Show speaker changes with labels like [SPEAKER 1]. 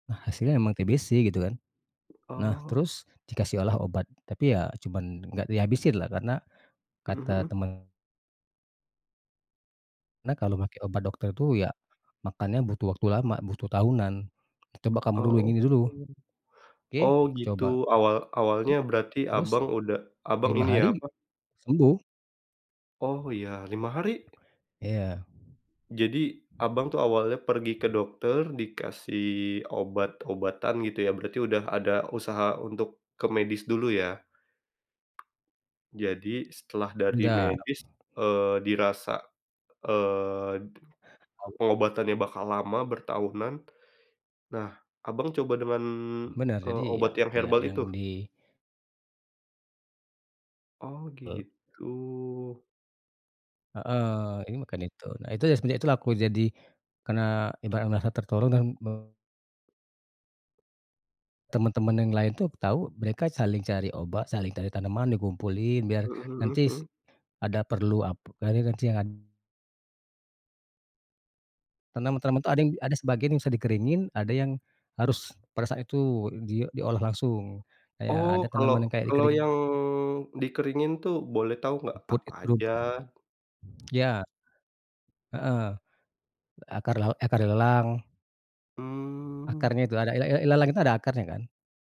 [SPEAKER 1] Nah, hasilnya emang TBC gitu kan. Nah,
[SPEAKER 2] Oh.
[SPEAKER 1] terus dikasih olah obat, tapi ya cuman enggak dihabisinlah karena,
[SPEAKER 2] Mhm
[SPEAKER 1] kata
[SPEAKER 2] mhm.
[SPEAKER 1] temen "Nak, kalau make obat dokter tuh ya, makannya butuh waktu lama, butuh tahunan. Coba kamu dulu
[SPEAKER 2] Oh
[SPEAKER 1] yang ini
[SPEAKER 2] gitu
[SPEAKER 1] dulu." Oke
[SPEAKER 2] oh
[SPEAKER 1] aku
[SPEAKER 2] gitu,
[SPEAKER 1] coba.
[SPEAKER 2] awal awalnya
[SPEAKER 1] Uh.
[SPEAKER 2] berarti
[SPEAKER 1] Terus,
[SPEAKER 2] Abang udah, Abang,
[SPEAKER 1] 5
[SPEAKER 2] ini ya,
[SPEAKER 1] hari,
[SPEAKER 2] apa
[SPEAKER 1] sembuh.
[SPEAKER 2] Oh, ya, 5 hari?
[SPEAKER 1] Iya.
[SPEAKER 2] Jadi, Abang tuh awalnya pergi ke dokter, dikasih obat-obatan, gitu ya, berarti udah ada usaha untuk ke medis dulu ya? Jadi, setelah
[SPEAKER 1] E
[SPEAKER 2] dari
[SPEAKER 1] ndak.
[SPEAKER 2] medis, eee, dirasa, eee,
[SPEAKER 1] [unintelligible]
[SPEAKER 2] pengobatannya bakal lama, bertahunan. Nah, Abang, coba dengan,
[SPEAKER 1] Bener, jadi
[SPEAKER 2] eee,
[SPEAKER 1] ya,
[SPEAKER 2] obat yang
[SPEAKER 1] yak
[SPEAKER 2] herbal
[SPEAKER 1] yang
[SPEAKER 2] itu?
[SPEAKER 1] di
[SPEAKER 2] Oh,
[SPEAKER 1] Eee.
[SPEAKER 2] gitu.
[SPEAKER 1] Heeh, ini makan itu, nah itu ya, semenjak itulah aku jadi karena ibarat merasa tertolong dan me Temen-temen yang lain tuh tahu mereka saling cari obat saling cari tanaman dikumpulin biar
[SPEAKER 2] Mhm mhm
[SPEAKER 1] nanti
[SPEAKER 2] mhm.
[SPEAKER 1] ada perlu apa,. [unintelligible] Tanaman-tanaman itu ada yang ada sebagian yang bisa dikeringin ada yang, harus pada saat itu di diolah langsung. Kayak
[SPEAKER 2] Oh,
[SPEAKER 1] ada
[SPEAKER 2] kalau
[SPEAKER 1] tanaman yang kayak
[SPEAKER 2] kalau
[SPEAKER 1] dikering
[SPEAKER 2] yang dikeringin tuh, boleh tahu enggak
[SPEAKER 1] Rumput
[SPEAKER 2] apa
[SPEAKER 1] itu
[SPEAKER 2] aja?
[SPEAKER 1] rumput. Ya. Heeh, akar la e akar ilalang.
[SPEAKER 2] Mmm.
[SPEAKER 1] Akarnya itu, ada ila ila ilalang itu ada akarnya kan.